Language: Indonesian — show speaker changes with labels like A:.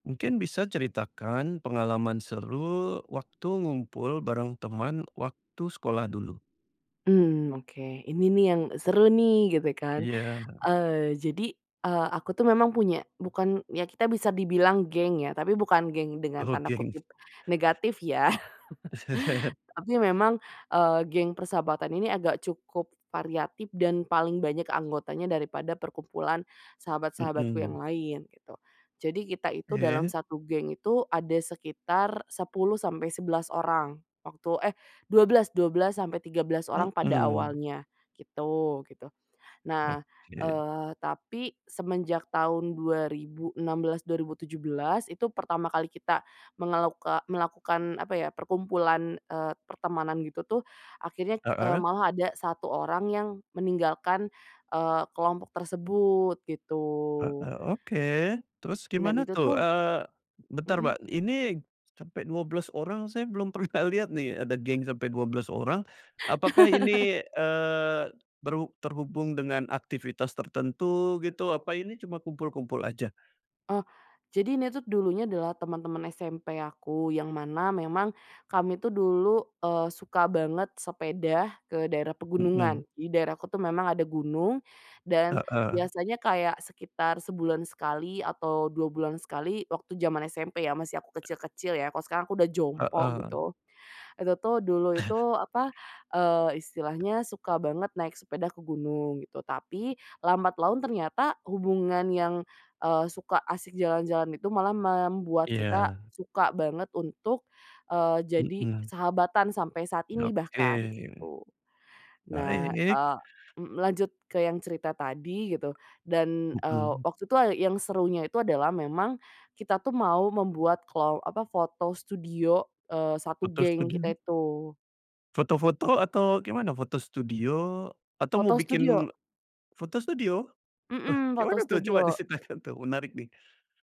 A: Mungkin bisa ceritakan pengalaman seru waktu ngumpul bareng teman, waktu sekolah dulu?
B: Mmm, oke. Ini nih yang seru nih, gitu kan.
A: Iya.
B: Eee, jadi, eee, aku tuh memang punya bukan, ya kita bisa dibilang geng ya, tapi bukan geng dengan
A: Oh,
B: tanda
A: geng.
B: kutip negatif ya. Tapi memang, eee, geng persahabatan ini agak cukup variatif dan paling banyak anggotanya daripada perkumpulan sahabat-sahabatku yang
A: Mmm.
B: lain gitu. Jadi kita itu dalam
A: Oke.
B: 1 geng itu ada sekitar 10 sampai 11 orang waktu eh, 12- 12 sampai 13 orang pada
A: Heeh.
B: awalnya gitu gitu. Nah,
A: Oke.
B: eee, tapi semenjak tahun 2016, 2017 itu pertama kali kita mengeluka melakukan apa ya perkumpulan, eee, pertemanan gitu tuh, akhirnya, eee,
A: Heeh.
B: malah ada 1 orang yang meninggalkan, eee, kelompok tersebut, gitu.
A: Heeh, oke. Terus
B: Dan
A: gimana
B: itu
A: tuh?
B: tuh
A: Eee, bentar
B: Mhm.
A: Mbak, ini sampai 12 orang saya belum pernah lihat nih ada geng sampai 12 orang. Apakah ini, eee, berhub terhubung dengan aktivitas tertentu, gitu? Apa ini cuma kumpul-kumpul aja?
B: Oh, jadi ini tuh dulunya adalah teman-teman SMP aku yang mana memang kami tuh dulu, eee, suka banget sepeda ke daerah pegunungan.
A: Mmm.
B: Di daerahku tuh memang ada gunung, dan
A: Heeh.
B: biasanya kayak sekitar sebulan sekali atau 2 bulan sekali waktu jaman SMP ya, masih aku kecil-kecil ya kalau sekarang aku udah jompo,
A: Heeh.
B: gitu. Itu tuh dulu itu, apa, eee, istilahnya suka banget naik sepeda ke gunung gitu. Tapi lambat laun ternyata hubungan yang, eee, suka asik jalan-jalan itu malah membuat kita
A: Iya.
B: suka banget untuk, eee, jadi
A: Mhm.
B: sahabatan sampai saat ini bahkan,
A: Oke.
B: gitu. Nah,
A: Baik.
B: eee, m lanjut ke yang cerita tadi gitu, dan, eee,
A: Mmm.
B: waktu itu yang serunya itu adalah memang kita tuh mau membuat kelo apa, foto studio, eee, 1
A: Foto
B: geng kita
A: studio?
B: itu.
A: Foto-foto atau gimana? Foto studio atau mau
B: Foto studio.
A: bikin foto studio? Wah,
B: Mmm,
A: kek
B: foto
A: mana tuh coba
B: studio.
A: diceritakan tuh menarik nih.